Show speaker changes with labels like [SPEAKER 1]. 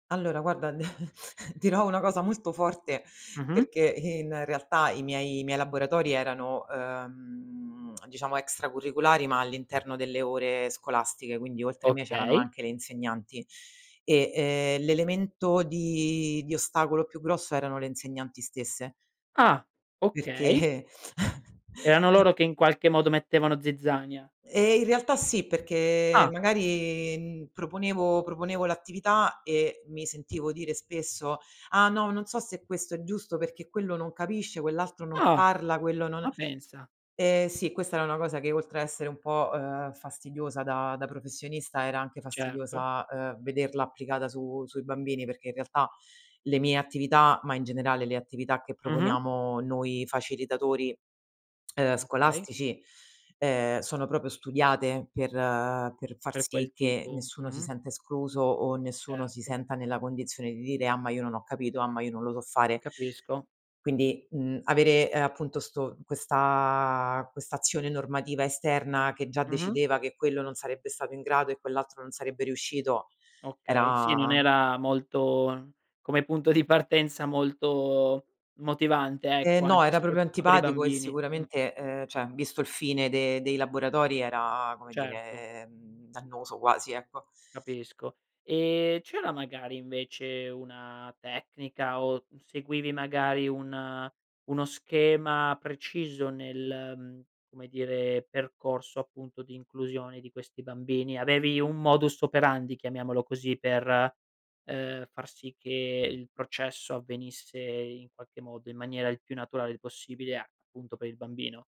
[SPEAKER 1] Allora, guarda, dirò una cosa molto forte
[SPEAKER 2] Mh-mh.
[SPEAKER 1] perché, in realtà, i miei i miei laboratori erano, uhm, diciamo, extracurricolari, ma all'interno delle ore scolastiche, quindi oltre me c'erano
[SPEAKER 2] Okay.
[SPEAKER 1] anche le insegnanti. E, ehm, l'elemento di di ostacolo più grosso erano le insegnanti stesse.
[SPEAKER 2] Ah, okay.
[SPEAKER 1] Perché
[SPEAKER 2] Erano
[SPEAKER 1] no
[SPEAKER 2] loro che, in qualche modo, mettevano zizzania.
[SPEAKER 1] E, in realtà, sì, perché,
[SPEAKER 2] Ah.
[SPEAKER 1] magari, mhmm, proponevo proponevo l'attività e mi sentivo dire spesso: "Ah no, non so se questo è giusto perché quello non capisce, quell'altro non
[SPEAKER 2] Ah,
[SPEAKER 1] parla, quello non".
[SPEAKER 2] ma pensa.
[SPEAKER 1] Ehm, sì, questa era una cosa che, oltre a essere un po', uhm, fastidiosa da da professionista, era anche
[SPEAKER 2] Certo.
[SPEAKER 1] fastidiosa, uhm, vederla applicata su sui bambini, perché, in realtà, le mie attività, ma in generale le attività che
[SPEAKER 2] Mh-mh.
[SPEAKER 1] proponiamo noi facilitatori, uhm,
[SPEAKER 2] Okay.
[SPEAKER 1] scolastici, uhm, sono proprio studiate per per far
[SPEAKER 2] Per
[SPEAKER 1] sì
[SPEAKER 2] quel
[SPEAKER 1] che
[SPEAKER 2] tipo.
[SPEAKER 1] nessuno si
[SPEAKER 2] Mh-mh.
[SPEAKER 1] senta escluso o nessuno si
[SPEAKER 2] Erto.
[SPEAKER 1] senta nella condizione di dire: "Ah, ma io non ho capito. Ah, ma io non lo so fare".
[SPEAKER 2] Capisco.
[SPEAKER 1] Quindi, mhmm, avere, ehm, appunto, 'sto questa questa azione normativa esterna che già
[SPEAKER 2] Mh-mh.
[SPEAKER 1] decideva che quello non sarebbe stato in grado e quell'altro non sarebbe riuscito,
[SPEAKER 2] Okay. Sì, non
[SPEAKER 1] era
[SPEAKER 2] era molto come punto di partenza, molto motivante, ecco,
[SPEAKER 1] Ehm, no,
[SPEAKER 2] anche
[SPEAKER 1] era proprio
[SPEAKER 2] soprattutto per i
[SPEAKER 1] antipatico e
[SPEAKER 2] bambini. Mh.
[SPEAKER 1] sicuramente uhm, cioè, visto il fine de dei laboratori era, come
[SPEAKER 2] Certo.
[SPEAKER 1] dire, ehm, dannoso quasi, ecco.
[SPEAKER 2] Capisco. E c'era, magari, invece, una tecnica o seguivi, magari, un uno schema preciso nel, mhmm, come dire, percorso, appunto, di inclusione di questi bambini? Avevi un modus operandi, chiamiamolo così, per, uhm, far sì che il processo avvenisse, in qualche modo, in maniera il più naturale possibile, a appunto, per il bambino?